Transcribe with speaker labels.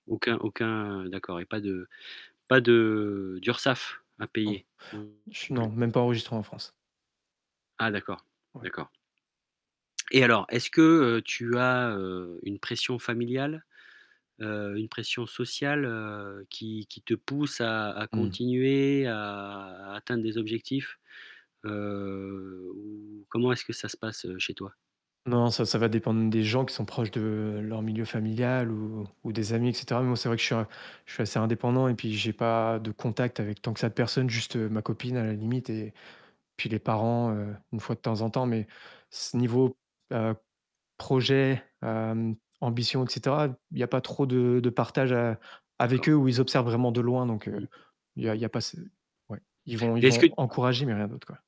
Speaker 1: Aucun aucun d'accord et pas de pas de d'URSSAF à
Speaker 2: Mmh.
Speaker 1: payer non
Speaker 2: Je non,
Speaker 1: plus?
Speaker 2: même pas enregistré en France.
Speaker 1: Ah d'accord!
Speaker 2: Ouais.
Speaker 1: D'accord. Et alors, est-ce que, heu, tu as, heu, une pression familiale? Heu, une pression sociale, heu, qui qui te pousse à à
Speaker 2: Mmh.
Speaker 1: continuer, à à atteindre des objectifs, heu, ou, comment est-ce que ça se passe, heu, chez toi?
Speaker 2: Non, ça ça va dépendre des gens qui sont proches de leur milieu familial ou ou des amis et cetera. Moi c'est vrai que je suis a je suis assez indépendant et puis j'ai pas de contacts avec tant que ça de personnes, juste ma copine à la limite et puis les parents, heu, une fois de temps en temps mais, ce niveau, heu, projet, hem, ambition et cetera, il y a pas trop de de partage a avec
Speaker 1: D'accord.
Speaker 2: eux ou ils observent vraiment de loin donc, heu,
Speaker 1: Mmh.
Speaker 2: il
Speaker 1: Mmh
Speaker 2: y a il
Speaker 1: mh.
Speaker 2: y a pas ce ouais. Ils vont
Speaker 1: Mais
Speaker 2: ils
Speaker 1: est-ce que
Speaker 2: vont encourager mais rien d'autre, quoi.